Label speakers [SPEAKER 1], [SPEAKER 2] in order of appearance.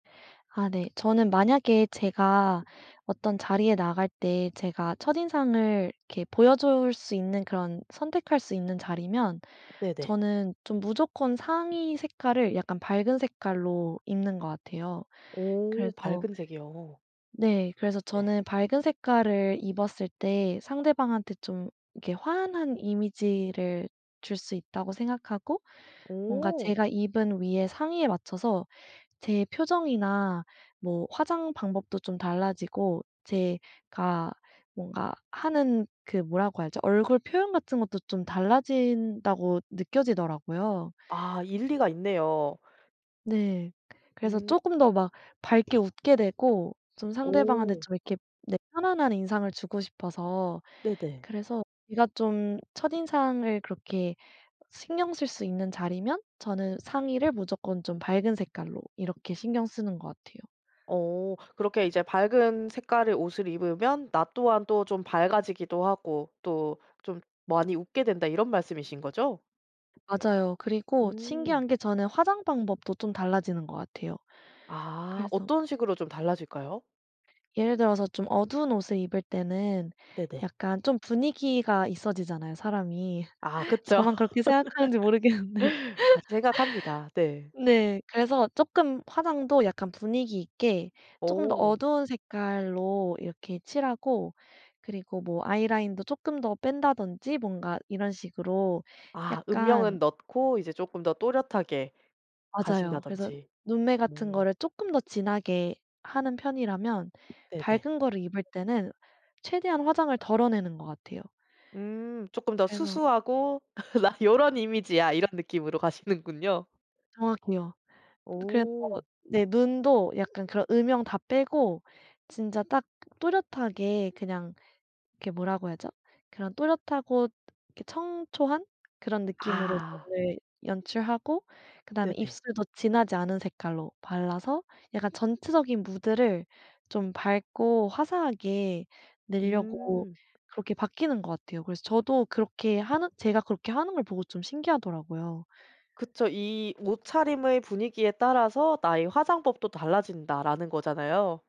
[SPEAKER 1] 아 네, 저는 만약에 제가 어떤 자리에 나갈 때 제가 첫인상을 이렇게 보여줄 수 있는 그런 선택할 수 있는 자리면
[SPEAKER 2] 네네.
[SPEAKER 1] 저는 좀 무조건 상의 색깔을 약간 밝은 색깔로 입는 것 같아요.
[SPEAKER 2] 오
[SPEAKER 1] 그래서
[SPEAKER 2] 밝은 색이요.
[SPEAKER 1] 네. 그래서
[SPEAKER 2] 네.
[SPEAKER 1] 저는 밝은 색깔을 입었을 때 상대방한테 좀 이렇게 환한 이미지를 줄 수 있다고 생각하고, 뭔가
[SPEAKER 2] 오.
[SPEAKER 1] 제가 입은 위의 상의에 맞춰서 제 표정이나 뭐 화장 방법도 좀 달라지고 제가 뭔가 하는 그 뭐라고 하죠? 얼굴 표현 같은 것도 좀 달라진다고 느껴지더라고요.
[SPEAKER 2] 아. 일리가 있네요.
[SPEAKER 1] 네 그래서
[SPEAKER 2] 음.
[SPEAKER 1] 조금 더 막 밝게 웃게 되고 좀 상대방한테
[SPEAKER 2] 오.
[SPEAKER 1] 좀 이렇게 네 편안한 인상을 주고 싶어서
[SPEAKER 2] 네네.
[SPEAKER 1] 그래서 제가 좀 첫인상을 그렇게 신경 쓸 수 있는 자리면 저는 상의를 무조건 좀 밝은 색깔로 이렇게 신경 쓰는 것 같아요.
[SPEAKER 2] 어. 그렇게 이제 "밝은 색깔의 옷을 입으면 나 또한 또 좀 밝아지기도 하고 또 좀 많이 웃게 된다." 이런 말씀이신거죠?
[SPEAKER 1] 맞아요. 그리고
[SPEAKER 2] 음.
[SPEAKER 1] 신기한 게 저는 화장 방법도 좀 달라지는 것 같아요.
[SPEAKER 2] 아.
[SPEAKER 1] 그래서
[SPEAKER 2] 어떤 식으로 좀 달라질까요?
[SPEAKER 1] 예를 들어서 좀 어두운 옷을 입을 때는
[SPEAKER 2] 네네.
[SPEAKER 1] 약간 좀 분위기가 있어지잖아요 사람이.
[SPEAKER 2] 아 그쵸.
[SPEAKER 1] 저만 그렇게 생각하는지 모르겠는데.
[SPEAKER 2] 같은 생각합니다. 네.
[SPEAKER 1] 네. 그래서 조금 화장도 약간 분위기있게 조금 더
[SPEAKER 2] 어.
[SPEAKER 1] 어두운 색깔로 이렇게 칠하고 그리고 뭐 아이라인도 조금 더 뺀다든지 뭔가 이런 식으로
[SPEAKER 2] 아
[SPEAKER 1] 약간
[SPEAKER 2] 음영은 넣고 이제 조금 더 또렷하게
[SPEAKER 1] 맞아요. 그래서
[SPEAKER 2] 가신다든지.
[SPEAKER 1] 눈매 같은
[SPEAKER 2] 오.
[SPEAKER 1] 거를 조금 더 진하게 하는 편이라면
[SPEAKER 2] 네네.
[SPEAKER 1] 밝은 거를 입을 때는 최대한 화장을 덜어내는 것 같아요.
[SPEAKER 2] 음. 쪼끔 더
[SPEAKER 1] 그래서
[SPEAKER 2] 수수하고 '나 요런 이미지야.' 이런 느낌으로 가시는군요.
[SPEAKER 1] 정확해요. 그래서
[SPEAKER 2] 오.
[SPEAKER 1] 네 눈도 약간 그런 음영 다 빼고 진짜 딱 또렷하게 그냥 이렇게 뭐라고 해야 하죠? 그런 또렷하고 이렇게 청초한 그런 느낌으로
[SPEAKER 2] 아.
[SPEAKER 1] 눈을 연출하고 그 다음에
[SPEAKER 2] 네네.
[SPEAKER 1] 입술도 진하지 않은 색깔로 발라서 약간 전체적인 무드를 좀 밝고 화사하게 내려고
[SPEAKER 2] 음.
[SPEAKER 1] 그렇게 바뀌는 것 같아요. 그래서 저도 그렇게 하는 제가 그렇게 하는 걸 보고 좀 신기하더라고요.
[SPEAKER 2] 그쵸. 이 '옷차림의 분위기에 따라서 나의 화장법도 달라진다.'라는 거잖아요.